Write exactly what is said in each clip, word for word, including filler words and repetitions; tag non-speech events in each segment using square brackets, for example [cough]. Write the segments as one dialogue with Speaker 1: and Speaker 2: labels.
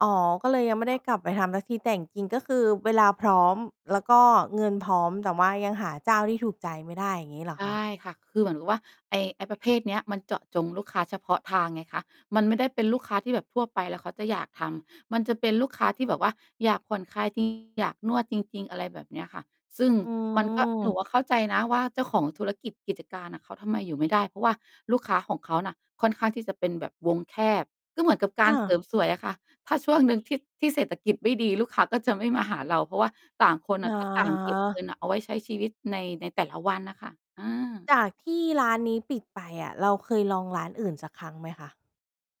Speaker 1: อ๋อ ก็เลยยังไม่ได
Speaker 2: ค
Speaker 1: ้
Speaker 2: ่ะ
Speaker 1: กลับไปทำสักที แต่จริง ๆ ก็คือเวลาพร้อม แล้วก็เงินพร้อม แต่ว่ายังหาเจ้าที่ถูกใจไม่ได้ อย่างงี้เหรอ
Speaker 2: ใช่
Speaker 1: คะ?
Speaker 2: ค่ะ คือเหมือนกับว่า ไอ้ ไอ้ประเภทเนี้ยมันเจาะจงลูกค้าเฉพาะทางไงคะ มันไม่ได้เป็นลูกค้าที่แบบทั่วไป แล้วเขาจะอยากทำ มันจะเป็นลูกค้าที่แบบว่า อยากผ่อนคลาย จริง อยากนวดจริง ๆ อะไรแบบเนี้ยค่ะ ซึ่ง
Speaker 1: อ๋
Speaker 2: มันก็ หนู
Speaker 1: อ
Speaker 2: อะเข้าใจนะว่า เจ้าของธุรกิจกิจการอะเขาทำไมอยู่ไม่ได้ เพราะว่าลูกค้าของเขาน่ะค่อนข้างที่จะเป็นแบบวงแคบ ก็เหมือนกับกา
Speaker 1: อ
Speaker 2: รเสร
Speaker 1: า
Speaker 2: ิมสวยอะค่ะ ถ้าช่วงหนึ่ง ที่ ที่เศรษฐกิจไม่ดี ลูกค้าก็จะไม่มาหาเรา เพราะว่าต่างคน
Speaker 1: อ
Speaker 2: อ
Speaker 1: ะฮ
Speaker 2: ะ ก็ต่างเก็บเงิ
Speaker 1: ะ
Speaker 2: นเอาไว้ใช้ชีวิต ใน ในแต่ละวันน่ะค่ะ เออ
Speaker 1: จากที่ร้านนี้ปิดไปอะ เราเคยลองร้านอื่นสักครั้งไหมคะ?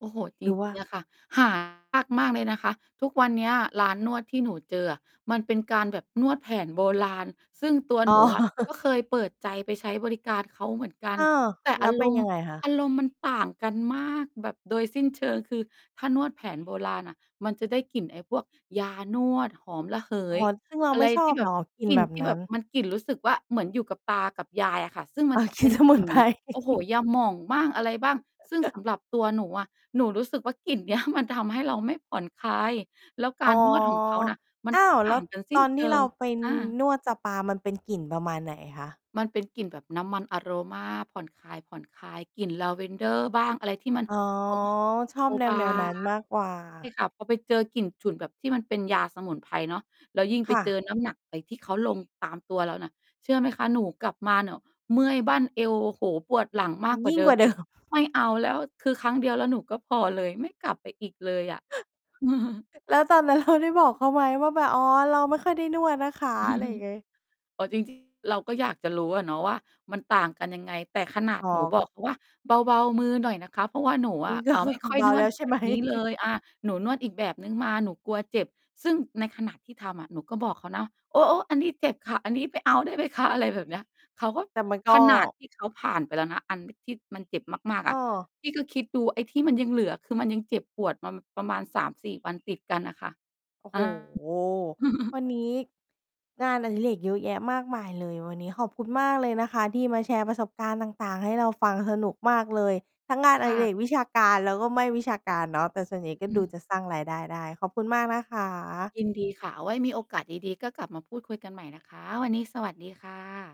Speaker 2: โอ้โฮ จ
Speaker 1: ห
Speaker 2: ร
Speaker 1: รือว่
Speaker 2: ิ
Speaker 1: า
Speaker 2: ง ๆ อะค่ะ หา ยากมากเลยนะคะ ทุกวันเนี้ยร้านนวดที่หนูเจออะ มันเป็นการแบบนวดแผนโบราณ ซึ่งตัว
Speaker 1: อ๋
Speaker 2: ห
Speaker 1: อ
Speaker 2: นูอะ ก
Speaker 1: [chuckles]
Speaker 2: ็เคยเปิดใจไปใช้บริการเขาเหมือนกั
Speaker 1: เ
Speaker 2: น
Speaker 1: ออ
Speaker 2: แต่
Speaker 1: แล
Speaker 2: อ
Speaker 1: ้
Speaker 2: า
Speaker 1: วเป
Speaker 2: ร
Speaker 1: ็น
Speaker 2: มณ
Speaker 1: ยั
Speaker 2: ์
Speaker 1: งไงคะ?
Speaker 2: อารมณ์มันต่างกันมากแบบโดยสิ้นเชิง คือถ้านวดแผนโบราณอะ มันจะได้กลิ่นไอ้พวกยานวด หอมระเห
Speaker 1: อ๋อ
Speaker 2: ย
Speaker 1: ซึ่งเรา
Speaker 2: อะ
Speaker 1: ไ
Speaker 2: ไ
Speaker 1: ม
Speaker 2: ร
Speaker 1: ่ชอ
Speaker 2: ที่
Speaker 1: บ
Speaker 2: แบ
Speaker 1: เหร
Speaker 2: บ
Speaker 1: อ กลิ่
Speaker 2: ก
Speaker 1: น
Speaker 2: ลิ่
Speaker 1: แ
Speaker 2: น
Speaker 1: บบ
Speaker 2: ที่
Speaker 1: น
Speaker 2: แบ
Speaker 1: ั้น?
Speaker 2: บ มันกลิ่นรู้สึกว่า เหมือนอยู่กับตากับยายอะค่ะ ซึ่งม
Speaker 1: อ
Speaker 2: ัน
Speaker 1: า
Speaker 2: จะ
Speaker 1: ก
Speaker 2: เ
Speaker 1: ล
Speaker 2: ป
Speaker 1: ิ่
Speaker 2: ็
Speaker 1: น
Speaker 2: น
Speaker 1: สม
Speaker 2: ก
Speaker 1: ุ
Speaker 2: ลิ
Speaker 1: น
Speaker 2: ่น
Speaker 1: ไ
Speaker 2: เ
Speaker 1: พ
Speaker 2: หมือ
Speaker 1: ร
Speaker 2: น โอ้โฮ
Speaker 1: [chuckles]
Speaker 2: ยาหม่องบ้าง อะไรบ้าง ซึ่งส
Speaker 1: [chuckles]
Speaker 2: ำหรับตัวหนูอะ หนูรู้สึกว่ากลิ่น เนี้ย มันทำให้เราไม่ผ่อนคลาย แล้วก
Speaker 1: อ๋
Speaker 2: า
Speaker 1: อ
Speaker 2: รนวดของเขาน่ะ มัน
Speaker 1: อ้า
Speaker 2: ก็
Speaker 1: ว
Speaker 2: ต
Speaker 1: แล
Speaker 2: ่
Speaker 1: ้
Speaker 2: า
Speaker 1: ว
Speaker 2: งกันส
Speaker 1: ต
Speaker 2: ิ้
Speaker 1: อ
Speaker 2: น
Speaker 1: น
Speaker 2: เช
Speaker 1: ที่
Speaker 2: ิ
Speaker 1: เรา
Speaker 2: ง
Speaker 1: ไป
Speaker 2: อา
Speaker 1: นวดสปา มันเป็นกลิ่นประมาณไหนอะคะ?
Speaker 2: มัน เป็นกลิ่นแบบน้ำมันอะโรมา ผ่อนคลาย ๆ กลิ่นลาเวนเดอร์บ้าง อะไรที่มัน
Speaker 1: อ๋อ
Speaker 2: หอม
Speaker 1: ชอ
Speaker 2: เบ
Speaker 1: บ
Speaker 2: า
Speaker 1: แ
Speaker 2: บา
Speaker 1: นว ๆ นั
Speaker 2: ง
Speaker 1: ้นมากกว่า
Speaker 2: ใช่ค่ะ พอไปเจอกลิ่นฉุนแบบที่มันเป็นยาสมุนไพรเนาะ แล้วยิ่ง
Speaker 1: ค
Speaker 2: ไป
Speaker 1: ่
Speaker 2: เจ
Speaker 1: ะ
Speaker 2: อน้ำหนักไปที่เขาลงตามตัวเราน่ะ เชื่อไหมคะ? หนูกลับมาน่ะ เมื่อยบั้นเอว โอ้โฮ ปวดหลังม
Speaker 1: มั
Speaker 2: าก
Speaker 1: น
Speaker 2: กว
Speaker 1: ย
Speaker 2: ่า
Speaker 1: ิ่ง
Speaker 2: เดิ
Speaker 1: กว่
Speaker 2: ม
Speaker 1: า เด
Speaker 2: อี
Speaker 1: ิ
Speaker 2: ก
Speaker 1: ม
Speaker 2: ไม่เอาแล้ว คือครั้งเดียว แล้วหนูก็พอเลย ไม่กลับไปอีกเลยอะ [chuckles]
Speaker 1: [chuckles] แล้วตอนนั้น เรา ได้บอกเขาไหมว่า แบบ "อ๋อ เราไม่ค่อยได้นวดนะคะ" อะไรอย่าง
Speaker 2: [chuckles]
Speaker 1: ไง
Speaker 2: อ๋อ จริง จริง เราก็อยากจะรู้อะเนาะว่า มันต่างกันยังไง แต่ขนา
Speaker 1: อ
Speaker 2: ด
Speaker 1: ๋อ
Speaker 2: หนูบอกเขาว่าเบา ๆ มือหน่อยนะคะ เพราะว่าหนูอ
Speaker 1: นี่
Speaker 2: ะ
Speaker 1: ก็
Speaker 2: อา
Speaker 1: คื
Speaker 2: ไ
Speaker 1: อ
Speaker 2: ม่
Speaker 1: ค
Speaker 2: ค
Speaker 1: ง
Speaker 2: ่อย
Speaker 1: เบา
Speaker 2: นว
Speaker 1: แล
Speaker 2: ด
Speaker 1: ้วใช
Speaker 2: แ
Speaker 1: ่
Speaker 2: บ
Speaker 1: ไห
Speaker 2: บ
Speaker 1: ม?
Speaker 2: นี้เล
Speaker 1: [chuckles]
Speaker 2: ย อา หนูนวดอีกแบบหนึ่งมา หนูกลัวเจ็บ ซึ่งในขณะที่ทำอะ หนูก็บอกเขานะ "โอ๊ะ ๆ อันนี้เจ็บค่ะ อันนี้ไม่เอาได้ไหมคะ?" อะไรแบบเนี้ย เขาก็
Speaker 1: แต่มันก็
Speaker 2: ขนาดที่เขาผ่านไปแล้วนะ อันที่ที่มันเจ็บมาก ๆ
Speaker 1: อ
Speaker 2: อ
Speaker 1: ้
Speaker 2: ะ
Speaker 1: อ
Speaker 2: พี่ก็คิดดูไอ้ที่มันยังเหลือ คือมันยังเจ็บปวดมาประมาณ สามสี่ วันติดกันน่ะค่ะ
Speaker 1: โอ้
Speaker 2: อ
Speaker 1: โฮ
Speaker 2: า
Speaker 1: ว
Speaker 2: [chuckles]
Speaker 1: ันนี้งานอดิเรกเยอะแยะมากมายเลย วันนี้ขอบคุณมากเลยนะคะที่มาแชร์ประสบการณ์ต่าง ๆ ให้เราฟัง สนุกมากเลย ทั้งงาน
Speaker 2: ค
Speaker 1: อ
Speaker 2: ่
Speaker 1: ดิเร
Speaker 2: ะ
Speaker 1: กวิชาการ แล้วก็ไม่วิชาการเนาะ แต่ส่วนใหญ่ก็
Speaker 2: อื
Speaker 1: ดู
Speaker 2: ม
Speaker 1: จะสร้างรายได้ได้ ขอบคุณมากนะคะ
Speaker 2: ยินดีค่ะ เอาไว้มีโอกาสดี ๆ ก็กลับมาพูดคุยกันใหม่นะคะ วันนี้สวัสดีค่ะ